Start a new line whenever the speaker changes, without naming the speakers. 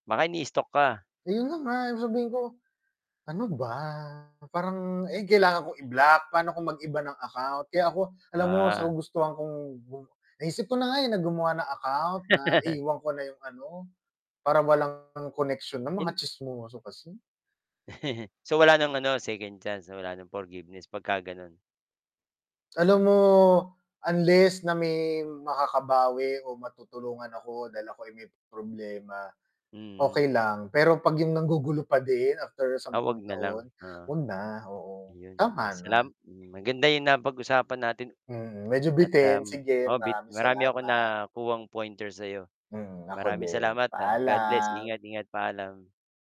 Baka ini-stalk ka.
Ayun na nga yung sabihin ko, ano ba parang, eh, kailangan ko i-block paano kung mag-iba ng account. Kaya ako alam mo sa
Ah.
kagustuhan kong gu naisip ko na nga, eh, na gumawa ng account na iwan ko na yung ano parang walang connection na mga
In
tsismoso kasi.
So, wala ng ano second chance, wala ng forgiveness pagka-gano'n?
Alam mo, unless na may makakabawi o matutulungan ako dahil ako'y may problema.
Mm.
Okey lang pero pag yung nanggugulo pa din after
Ah, 'wag
sampung
na lang.
taon,
Ah.
wag na. Oo.
Ayun ah,
Tama na.
salam maganda yung napag-usapan natin,
Mm. Medyo
at ah.
bitin, sige.
Oo bit
maraming
marami akong
salamat.
nakuhang pointers sa 'yo.
Mm, ako
Maraming
din.
salamat, ah, God bless,
Paalam.
ingat-ingat. Paalam.